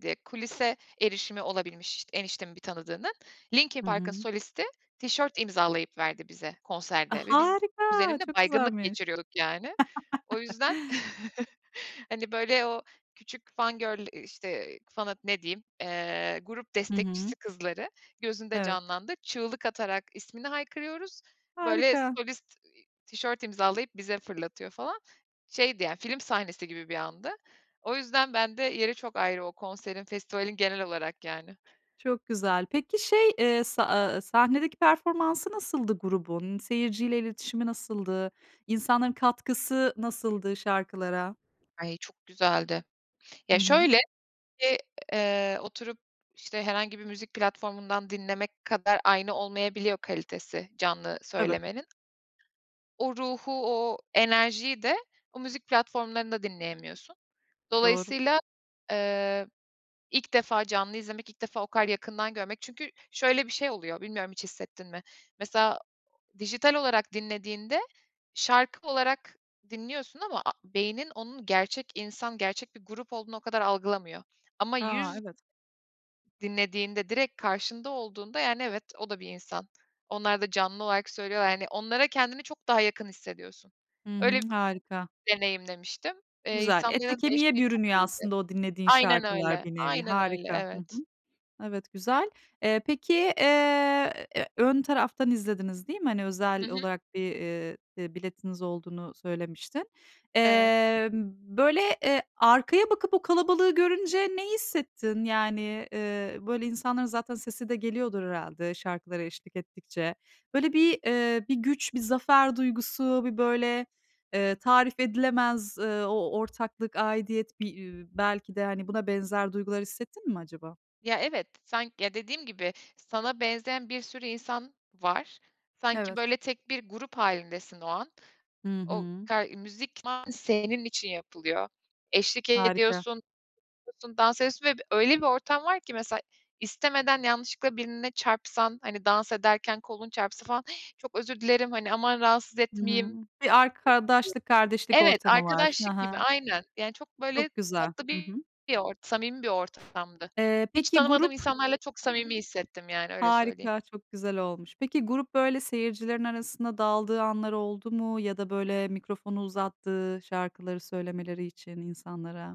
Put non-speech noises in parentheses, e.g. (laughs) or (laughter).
D eee, kulise erişimi olabilmiş eniştemin bir tanıdığının. Linkin Hı Park'ın hı. solisti tişört imzalayıp verdi bize A, konserde ve biz harika, kuzenimle çok baygınlık güzelmiş. geçiriyorduk yani. O (laughs) yüzden (chuckles) hani böyle, o küçük fan girl, işte, fan'a ne diyeyim, eee, grup Hı hı. destekçisi kızları gözünde Evet. canlandı. Çığlık atarak ismini haykırıyoruz, böyle Harika. solist, iii, tişört imzalayıp bize fırlatıyor falan. Şeydi yani, film sahnesi gibi bir andı. O yüzden bende yeri çok ayrı o konserin, festivalin genel olarak yani. Çok güzel. Peki şey, eee, sa eee, sahnedeki performansı nasıldı grubun? Seyirciyle iletişimi nasıldı? İnsanların katkısı nasıldı şarkılara? Ay, çok güzeldi. Hı Ya, hı. şöyle, eee, oturup, işte herhangi bir müzik platformundan dinlemek kadar aynı olmayabiliyor kalitesi, canlı Tabii. söylemenin. O ruhu, o enerjiyi de o müzik platformlarında dinleyemiyorsun. Doğru. Dolayısıyla, eee, ilk defa canlı izlemek, ilk defa o kadar yakından görmek çünkü şöyle bir şey oluyor, bilmiyorum hiç hissettin mi? Mesela dijital olarak dinlediğinde şarkı olarak dinliyorsun ama a beynin onun gerçek insan, gerçek bir grup olduğunu o kadar algılamıyor ama A! yüz Evet. Dinlediğinde direkt karşında olduğunda yani, evet, o da bir insan. Onlar da canlı olarak söylüyorlar, yani onlara kendini çok daha yakın hissediyorsun. Hı hı. Öyle Harika. deneyimlemiştim. Eee, Güzel. Ete insanların da kemiğe eşliği çok bürünüyor iyidi. aslında o dinlediğin Aynen şarkılar öyle, bir nevi. aynen öyle, Harika. Hı hı. evet. Evet, güzel. Eee, peki, eee, ön taraftan izlediniz, değil mi? Hani Hı özel hı. olarak bir, eee, bir biletiniz olduğunu söylemiştin. Evet. Emm, böyle, eee, arkaya bakıp o kalabalığı görünce ne hissettin? Yani, eee, böyle insanların zaten sesi de geliyordur herhâlde şarkılara eşlik ettikçe. Böyle bir, eee, bir güç, bir zafer duygusu, bir böyle, eee, tarif edilemez, eee, o ortaklık, aidiyet, bir, iii, belki de buna benzer duygular hissettin mi acaba? Ya, evet, sanki ya dediğim gibi sana benzeyen bir sürü insan var. Sanki Evet. böyle tek bir grup hâlindesin o an. Hı O hı. ka müzik senin için yapılıyor. Eşlik Harika. ediyorsun, (unintelligible) dans ediyorsun ve öyle bir ortam var ki mesela istemeden yanlışlıkla birine çarpsan, hani dans ederken kolun çarpsa falan "Hi, çok özür dilerim" hani aman rahatsız etmeyeyim. Hımm. Bir arkadaşlık kardeşlik (unintelligible) Evet, ortamı var. Hı arkadaşlık gibi hı. aynen. Yani çok böyle Çok güzel. tatlı Hı bir hı. bir ortam, samimi bir ortamdı. Eee, Hiç peki tanımadığım grup insanlarla çok samimi hissettim yani öyle söyleyeyim. Harika, çok güzel olmuş. Peki grup böyle seyircilerin arasında daldığı anlar oldu mu ya da böyle mikrofonu uzattığı şarkıları söylemeleri için insanlara?